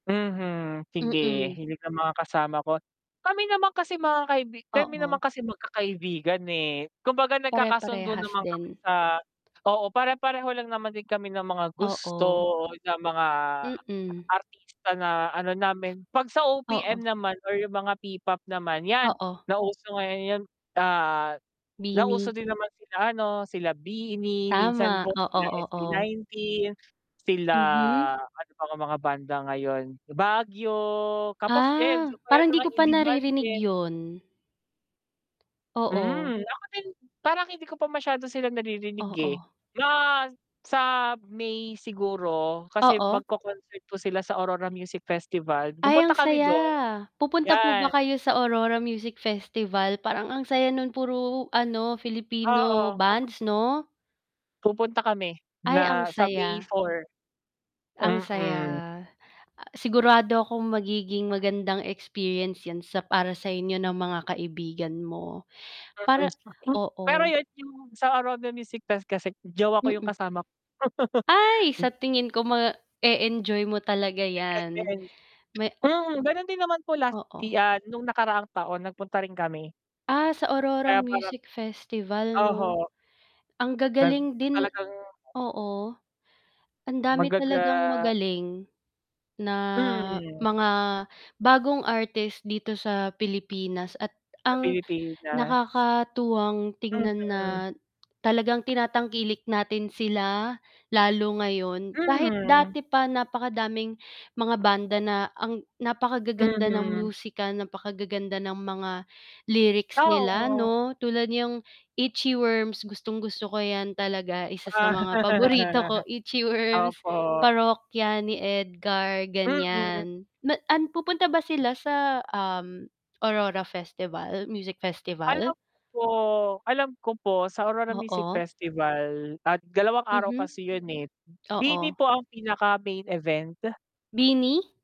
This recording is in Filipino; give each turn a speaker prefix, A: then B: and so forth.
A: Mhm, sige
B: Mm.
A: hilig ng mga kasama ko. Kami naman kasi mga kaibi kami naman
B: Oo.
A: kasi magkakaibigan, eh, kumbaga nagkakasundo
B: Pare-parehas
A: naman kami
B: din.
A: sa oo pare-pareho lang naman din kami ng mga gusto,
B: Oo.
A: o ng mga
B: Mm.
A: artista na ano namin. 'Pag sa OPM
B: Oo.
A: naman or yung mga P-POP naman, 'yan
B: Oo.
A: nauso ngayon yun, ah, nauso
B: BINI.
A: din naman sila ano, sila BINI, minsan
B: Tama,
A: pa sila
B: oo, oo.
A: SB19. Sila
B: Mhm.
A: ano, pang mga banda ngayon, Baguio, Cap of Joe, ayan isa
B: Ah,
A: pa yan sa
B: parang di
A: mga
B: ko pa
A: in-demand
B: naririnig
A: din.
B: 'yon. Oo.
A: Mm ako din, parang hindi ko pa masyado silang naririnig, eh.
B: Oo.
A: Na sa May siguro kasi
B: Oo.
A: magko-concert po sila sa Aurora Music Festival,
B: Ay,
A: pupunta
B: ang
A: kami
B: saya.
A: dun.
B: Pupunta po
A: 'Yan.
B: ba kayo sa Aurora Music Festival, parang ang saya nung puro ano
A: Oo,
B: Filipino
A: pupu
B: bands 'no?
A: Pupunta kami
B: Ay, ang
A: na sa May
B: saya.
A: 4.
B: Ang saya.
A: Mm.
B: Sigurado akong magiging magandang experience 'yan sa para sa inyo ng mga kaibigan mo para
A: [unintelligible] Pero
B: oo.
A: 'yon, yung sa Aurora Music Fest kasi jowa ko yung
B: Mm.
A: kasama
B: Ay sa tingin ko ma-e-enjoy mo talaga yan
A: [unintelligible]
B: ma
A: Mm, ganun din naman po last yi
B: Oo.
A: ah, nung nakaraang taon nagpunta rin kami.
B: Ah, sa Aurora
A: Kaya parang
B: Music Festival
A: oho.
B: 'no? Ang
A: [unintelligible]
B: gagaling din
A: talagang
B: oo. Ang dami talagang
A: Magaga
B: magaling na
A: Mm.
B: mga bagong artist dito sa Pilipinas, at
A: Sa
B: ang
A: Pilipinas.
B: nakakatuwang tingnan na
A: Mhm.
B: talagang tinatangkilik natin sila lalo ngayon. Kahit
A: Hmm.
B: dati pa napakadaming mga banda na ang napakagaganda ng
A: Mhm.
B: musika, napakagaganda ng mga lyrics nila
A: Oo.
B: 'no. Tulad niyang Itchyworms, gustong-gusto ko yan talaga, isa sa mga paborito ko Itchyworms,
A: Opo.
B: Parokya ni Edgar
A: Mm.
B: ganyan na ah, pupunta ba sila sa, um, Aurora Festival, Music Festival?
A: Alam ko alam ko po sa Aurora Music
B: Oo.
A: Festival at 2 araw
B: Mhm,
A: kasi yun, eh.
B: oo.
A: BINI po ang pinaka-main event.
B: BINI?